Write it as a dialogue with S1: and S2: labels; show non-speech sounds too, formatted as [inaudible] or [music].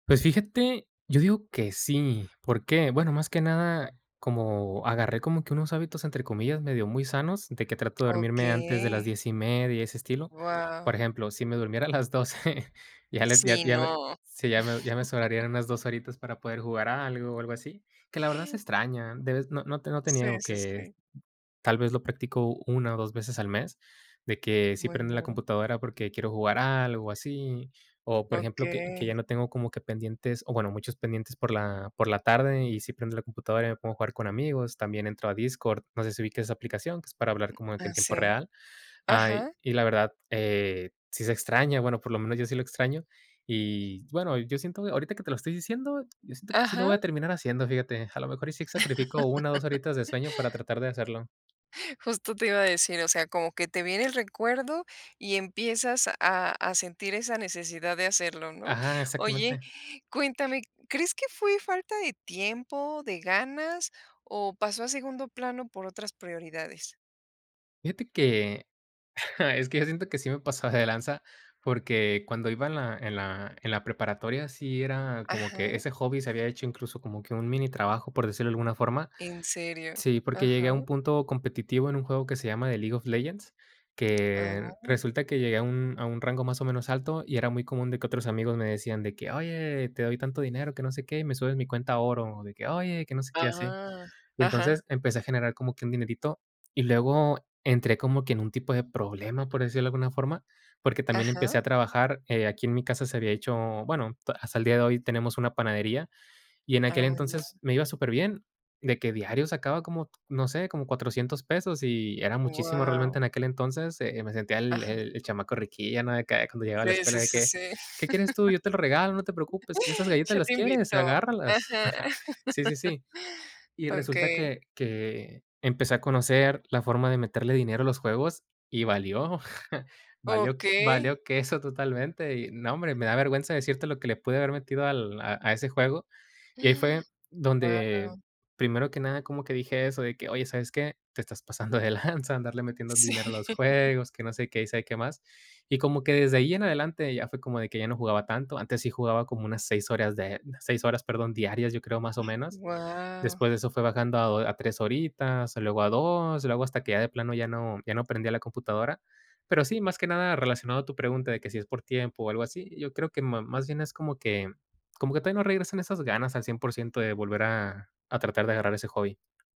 S1: Pues fíjate, yo digo que sí, ¿por qué? Bueno, más que nada, como agarré como que unos hábitos, entre comillas, medio muy sanos, de que trato de dormirme antes de las
S2: Okey.
S1: 10 y media, ese estilo.
S2: Guau.
S1: Por ejemplo, si me durmiera a las 12, ya le ya
S2: Sí,
S1: ya me
S2: no.
S1: sí, ya me ya me
S2: [chuckles]
S1: sobrarían unas 2 horitas para poder jugar a algo o algo así, que la verdad se extraña de vez no no te no te
S2: Sí,
S1: niego
S2: sí,
S1: que,
S2: sí.
S1: tal vez, lo practico 1 o 2 veces al mes, de que sí prendo la
S2: Bueno.
S1: computadora porque quiero jugar a algo o así. O, por ejemplo, que que ya
S2: Okey.
S1: no tengo como que pendientes, o bueno, muchos pendientes por la por la tarde y sí prendo la computadora y me pongo a jugar con amigos. También entro a Discord, no sé si ubiques esa aplicación que es para hablar como de que
S2: ¿A
S1: en tiempo
S2: sí?
S1: real. Ay,
S2: Ajá.
S1: y la verdad, eh, sí se extraña, bueno, por lo menos yo sí lo extraño. Y bueno, yo siento ahorita que te lo estoy diciendo, yo siento que sí lo voy
S2: Ajá.
S1: a terminar haciendo, fíjate. A lo mejor y sí sacrifico 1 o 2 horitas de
S2: [chuckles]
S1: sueño para tratar de hacerlo.
S2: Justo te iba a decir, o sea, como que te viene el recuerdo y empiezas a a sentir esa necesidad de hacerlo, ¿no?
S1: Ajá,
S2: Oye,
S1: exactamente.
S2: cuéntame, ¿crees que fue falta de tiempo, de ganas o pasó a segundo plano por otras prioridades?
S1: Fíjate que, [chuckles] es que yo siento que sí me pasaba de lanza, porque cuando iba en la en la en la preparatoria, sí era como que
S2: Ajá.
S1: ese hobby se había hecho incluso como que un mini trabajo, por decirlo de alguna forma.
S2: ¿En serio?
S1: Sí, porque llegué a
S2: Ajá.
S1: un punto competitivo en un juego que se llama The League of Legends, que
S2: Ah.
S1: resulta que llegué a un a un rango más o menos alto, y era muy común de que otros amigos me decían de que: "Oye, te doy tanto dinero, que no sé qué, y me subes mi cuenta a oro", o de que: "Oye, que no sé qué", y así.
S2: Ah.
S1: Y
S2: Ajá.
S1: entonces empecé a generar como que un dinerito, y luego entré como que en un tipo de problema, por decirlo de alguna forma, porque también
S2: Ajá.
S1: empecé a trabajar. Eh, aquí en mi casa se había hecho, bueno, ta hasta el día de hoy tenemos una panadería, y en
S2: Ah,
S1: aquel
S2: muy bien.
S1: entonces me iba superbién, de que diario sacaba como, no sé, como 400 pesos, y era muchísimo realmente
S2: Guau.
S1: en aquel entonces. Eh, me sentía el
S2: Ajá.
S1: el el chamaco riquíllo, ¿no?, de que, ay, cuando llegaba a la
S2: Sí, sí,
S1: escuela, de
S2: sí,
S1: que:
S2: sí.
S1: "¿Qué quieres tú? Yo te lo regalo, no te preocupes. Que esas
S2: [chuckles]
S1: galletas,
S2: Yo
S1: ¿las
S2: te
S1: quieres?,
S2: invito.
S1: agárralas".
S2: Ajá.
S1: [chuckles] Sí, sí, sí.
S2: [chuckles]
S1: Y resulta
S2: Okey.
S1: que que empecé a conocer la forma de meterle dinero a los juegos y valió, [chuckles] valió q
S2: Okey.
S1: valió queso totalmente. Y no, hombre, me da vergüenza decirte lo que le pude haber metido al a a ese juego. Y ahí fue
S2: [inhales] Guau.
S1: donde primero que nada como que dije eso de que: "Oye, ¿sabes qué? Te estás pasando de lanza, andarle metiendo
S2: Sí.
S1: dinero a los
S2: [chuckles]
S1: juegos", que no sé qué, y sabe qué más. Y como que desde ahí en adelante ya fue como de que ya no jugaba tanto, antes sí jugaba como unas 6 horas de unas 6 horas, perdón, diarias, yo creo, más o menos.
S2: Guau.
S1: Después de eso fue bajando a do a 3 horitas, luego a 2, luego hasta que ya de plano ya no ya no prendía la computadora. Pero sí, más que nada relacionado a tu pregunta de que si es por tiempo o algo así, yo creo que ma más bien es como que como que todavía no regresan esas ganas al 100% de volver a a tratar de agarrar ese hobby.